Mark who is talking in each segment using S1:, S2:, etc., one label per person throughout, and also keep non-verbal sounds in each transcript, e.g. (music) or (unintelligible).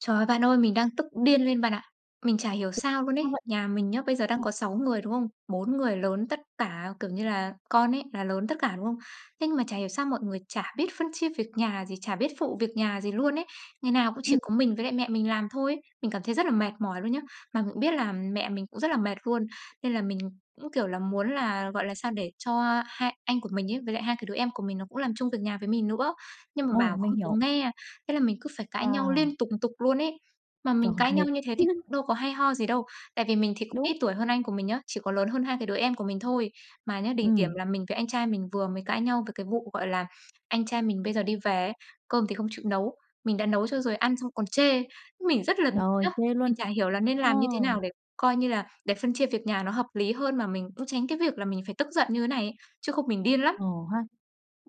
S1: Trời ơi, bạn ơi, mình đang tức điên lên bạn ạ. Mình chả hiểu
S2: (unintelligible)
S1: sao luôn ấy,
S2: Sao vậy?
S1: nhà mình nhá, bây giờ đang
S2: Ờ.
S1: có 6 người, đúng không? 4 người lớn tất cả, kiểu như là, con ấy là lớn tất cả, đúng không? Thế nhưng mà chả hiểu sao mọi người chả biết phân chia việc nhà gì, chả biết phụ việc nhà gì luôn ấy. Ngày nào cũng chỉ
S2: Ừm.
S1: có mình với lại mẹ mình làm thôi ấy. Mình cảm thấy rất là mệt mỏi luôn nhá. Mà mình cũng biết là mẹ mình cũng rất là mệt luôn, nên là mình cũng, kiểu là, muốn là, gọi là, sao để cho hai anh của mình ấy, với lại hai cái đứa em của mình nó cũng làm chung việc nhà với mình nữa. Nhưng mà
S2: Ồ,
S1: bảo
S2: mình
S1: không có
S2: hiểu.
S1: nghe, thế là mình cứ phải cãi nhau
S2: À.
S1: liên tục tục luôn ấy. Mà mình
S2: Trời,
S1: cãi nhau
S2: mệt.
S1: như thế thì
S2: (chuckles)
S1: cũng đâu có hay ho gì đâu. Tại vì mình thì cũng
S2: Đúng.
S1: ít tuổi hơn anh của mình nhá, chỉ có lớn hơn hai cái đứa em của mình thôi. Mà nhá, đỉnh điểm
S2: Ừm.
S1: là mình với anh trai mình vừa mới cãi nhau về cái vụ, gọi là, anh trai mình bây giờ đi về ấy, cơm thì không chịu nấu, mình đã nấu cho rồi ăn xong còn chê. Mình rất là bực nhá.
S2: Trời, chê
S1: Mình
S2: luôn.
S1: chả hiểu là nên
S2: Ờ.
S1: làm như thế nào để coi như là để phân chia việc nhà nó hợp lý hơn, mà mình cũng tránh cái việc là mình phải tức giận như này ấy, chứ không mình điên lắm.
S2: Ờ ha.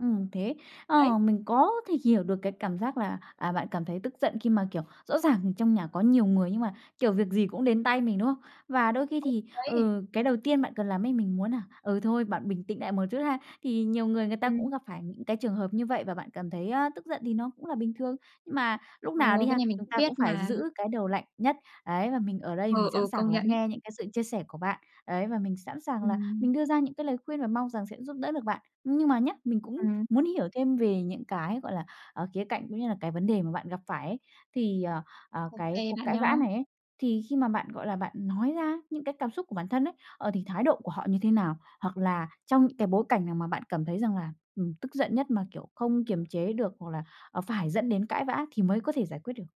S2: Ừm, thế
S1: Đấy.
S2: ờ, mình có thể hiểu được cái cảm giác là, à, bạn cảm thấy tức giận khi mà, kiểu, rõ ràng trong nhà có nhiều người, nhưng mà, kiểu, việc gì cũng đến tay mình, đúng không? Và đôi khi
S1: Ừ,
S2: thì,
S1: đấy.
S2: ừ, cái đầu tiên bạn cần làm ấy, mình muốn nà, ừ, thôi bạn bình tĩnh nại một chút ha. Thì nhiều người người ta
S1: Ừm.
S2: cũng gặp phải những cái trường hợp như vậy, và bạn cảm thấy, a, tức giận thì nó cũng là bình thường. Mà lúc nào
S1: Ồ,
S2: đi
S1: cái
S2: ha,
S1: này mình
S2: chúng
S1: cũng
S2: ta
S1: biết
S2: cũng phải
S1: mà.
S2: giữ cái đầu lạnh nhất. Ấy, và mình ở đây mình
S1: Ừ,
S2: sẵn
S1: ừ, công
S2: sàng lắng
S1: nhận ấy.
S2: nghe những cái sự chia sẻ của bạn. Ấy, và mình sẵn sàng là
S1: Ừm.
S2: mình đưa ra những cái lời khuyên và mong rằng sẽ giúp đỡ được bạn. Nhưng mà nhá, mình cũng
S1: Ừm.
S2: muốn hiểu thêm về những cái, gọi là, ờ, khía cạnh, cũng như là cái vấn đề mà bạn gặp phải ấy. Thì, ờ, ờ,
S1: Ô
S2: cái
S1: kê
S2: cuộc
S1: bạn
S2: cãi
S1: nhá.
S2: vã này ấy, thì khi mà bạn, gọi là, bạn nói ra những cái cảm xúc của bản thân ấy, ờ, thì thái độ của họ như thế nào? Hoặc là trong những cái bối cảnh nào mà bạn cảm thấy rằng là, ừm, tức giận nhất, mà, kiểu, không kiềm chế được, hoặc là, ờ, phải dẫn đến cãi vã thì mới có thể giải quyết được?